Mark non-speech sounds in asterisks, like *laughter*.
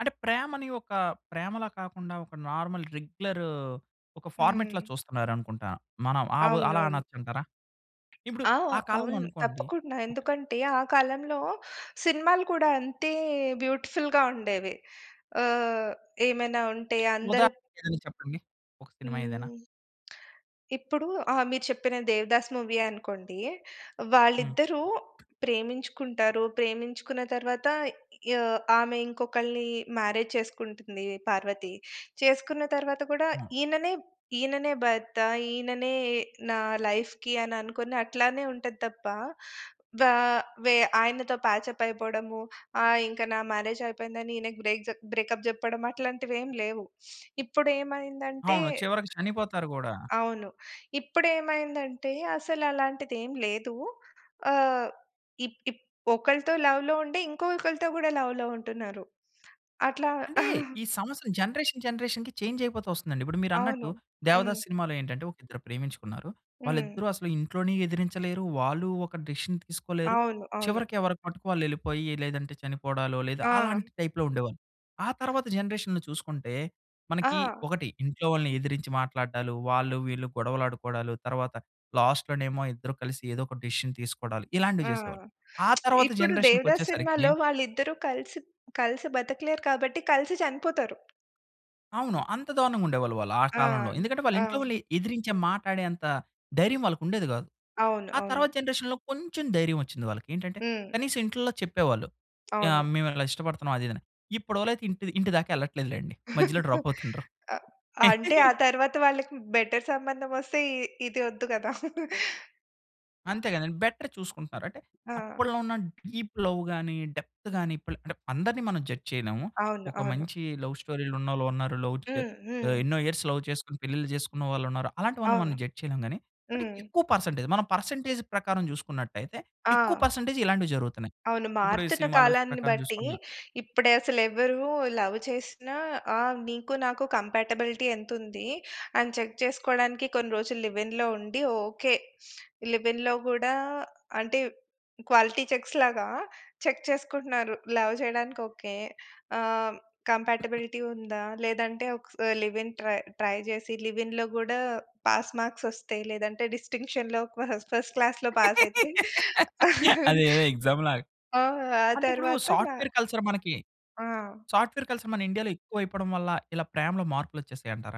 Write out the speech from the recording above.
అంటే ప్రేమని ఒక ప్రేమలా కాకుండా, ఒక నార్మల్ రెగ్యులర్ ఒక ఫార్మాట్‌లా హ్మ్. చూస్తున్నారనుకుంటా. మనం ఆ వ్ అలా అవునవును. అనచ్చంటారా? ఇప్పుడు ఆ! ఆ కాలంలో అవును. అనుకోండి తప్పకుండా. ఓకే ఎందుకంటే, ఆ కాలంలో సినిమాలు కూడా అంతే బ్యూటిఫుల్‌గా ఉండేవి. ఆహ్, ఏమైనా ఉంటే అందరు ఉదాహరణ ఏదన్న చెప్పండి. ఒక సినిమా ఏదైనా? హ్మ్. ఇప్పుడు ఆ! మీరు చెప్పిన 'దేవదాస్' మూవియే అనుకోండి. హ్మ్. వాళ్ళిద్దరూ ప్రేమించుకుంటారు, ప్రేమించుకున్న తరువాత య ఆమె ఇంకొకళ్నీ మ్యారేజ్ చేసుకుంటుంది పార్వతి. చేసుకున్న తరువాత కూడా హ్మ్. ఈయననే ఈయననే భర్త, ఈయననే నా లైఫ్‌కి అననుకోని అట్లానే ఉంటది తప్ప. వా వె ఆయనతో ప్యాచ్‌అప్ అయిపోవడము. ఆ! ఇంకా నా మ్యారేజ్ అయిపోయిందని ఈయనకి బ్రేక్ జె బ్రేకప్ జెప్పడం అట్లాంటివేంలేవు. *sniffs* ఇప్పుడేమైందంటే అవును. చివరికి చనిపోతారు గూడా. అవును. ఇప్పుడేమైందంటే అసలలాంటిదేం లేదు. ఆహ్, ఇప్ ఇప్ ఒకళ్తో లవ్‌లో ఉండి, ఇంకొకల్తో గూడా లవ్‌లో ఉంటున్నారు. అట్లా అంటే, *chuckles* ఈ సమస్యలు జనరేషన్ జనరేషన్‌కి చేంజయిపోతూ వస్తుందండి. ఇప్పుడు మీరన్నట్టు అవును. 'దేవదాసు' హ్మ్. సినిమాలో ఏంటంటే, ఒకిద్దరు ప్రేమించుకున్నారు. హ్మ్. వాళ్ళిద్దరూ అసలు ఇంట్లోనీ ఎదిరించలేరు, వాళ్ళు ఒక డెసిషన్ తీసుకోలేరు, అవును. అవును. చివరికి ఎవరికి మట్టుకు వాళ్ళేళ్ళిపోయి, లేదంటే చనిపోవడాలు, లేదా ఆ! అలాంటి టైప్‌లో ఉండేవాళ్ళు. ఆ తర్వాత జనరేషన్‌లో చూసుకుంటే, మనకి ఆ! ఒకటి ఇంట్లో వాళ్ళని ఎదిరించి మాట్లాడ్డాలు, వాళ్ళు వీళ్ళు గొడవలాడుకోడాలు, తరువాత లాస్ట్‌లోనేమో ఇద్దరు కలిసి ఏదోక డెసిషన్ తీసుకోడాలు. ఇలాంటివి ఆ! చేసేవాళ్ళు. ఆ *smacks lips* తర్వాత ఇప్పుడు 'దేవదాస్' జనరేషన్‌కొచ్చేసరికి సినిమాలో వాళ్ళిద్దరు కలిసి కలిసి బతకలేరు కాబట్టి కలిసి చనిపోతారు. అవును. అంత దారుణంగుండేవాళ్ళు వాళ్ళు ఆ ఆ! కాలంలో. ఎందుకంటే ఆ! వాళ్ళింట్లో వాళ్ళని ఎదిరించే మాట్లాడేంత, ధైర్యం వాళ్ళకుండేది గాదు. అవును. ఆ అవును. తర్వాత జనరేషన్‌లో కొంచెం ధైర్యమోచ్చింది వాళ్ళకి. ఏంటంటే హ్మ్. కనీసం ఇంట్లల్లో చెప్పేవాళ్ళు. అవును. ఆహ్, మేమిలా ఇష్టపడుతున్నాం అది ఇదని. ఇప్పు‌డోళ్ళైతే ఇంటి ఇంటి దాకా యెళ్ళట్లేదులెండి. మధ్యలో *laughs* డ్రాప్ అవుతున్నరు. అ అంటే ఆ *chuckles* తరవాత వాళ్ళకి బెటర్ సంబంధమోస్తే ఇ ఇది ఒద్దు గదా. *laughs* అంతే గదండి! బెటర్ చూసుకుంటున్నారు. అంటే ఆ! అప్పట్లో ఉన్న డీప్‌లవ్ గాని, డెప్త్ గాని, ఇప్ అంటే, అందరిని మనం జడ్జ్ చేయలేము. అవును. ఒక అవును. మంచి లవ్‌స్టోరీ‌లున్నాళ్ళు వున్నారు, లవ్ చె హ్మ్. హ్మ్. ఆహ్, ఎన్నో ఇయర్స్ లవ్ చేసుకొని పెళ్ళిళ్ళు జేసుకున్న వాళ్ళున్నారు. అలాంటి వాళ్ళని అవును. మనం జడ్జ్ చేయలేం గానీ. అంటే హ్మ్. ఎక్కువ పర్సెంటేజ్ మనం పర్సెంటేజ్ ప్రకారంజూసుకున్నట్టయితే, ఎక్కువ ఆ! పర్సెంటేజ్ ఇలాంటివి జరుగుతున్నాయి. అవును. ఇప్పుడు ఈ మారుతున్న సినిమాల కాలాన్ని ప్రకారం బట్టి జూసుకున్నా ఇప్పుడసలెవరు లవ్ చేసినా ఆ! నీకు నాకు కంపాటబిలిటీ ఎంతుంది, అని చెక్ చేసుకోడానికి కొన్ని రోజులు లివ్‌ఇన్‌లో ఉండి. ఓకే. లివ్‌ఇన్‌లో గూడా అంటే, క్వాలిటీ చెక్స్‌లాగా చెక్ చేసుకుంటున్నారు. లవ్ జేయడానికి ఓకే. ఆహ్, *coughs* కంపాటబిలిటీ ఉందా, లేదంటే ఒక స్ లివ్‌ఇన్‌ ట్రై ట్రై జేసి, లివ్‌ఇన్‌ గూడా పాస్ మార్క్‌ ఒస్తే, లేదంటే డిస్టింక్షన్‌లో ఫస్ ఫస్ట్ క్లాస్‌లో పాసయితే. *laughs* *chuckles* అదేదో ఎగ్సామ్‌లాగా. ఆ! ఆ అంటే ఇప్పుడు తరువాత మా సాఫ్ట్‌వేర్ కల్చర్ మనకి ఆ! సాఫ్ట్‌వేర్ కల్చర్ మన ఇండియాలో ఎక్కువయిపోవడం వల్ల ఇలా ప్రేమలో మార్పులొచ్చేసాయంటారా?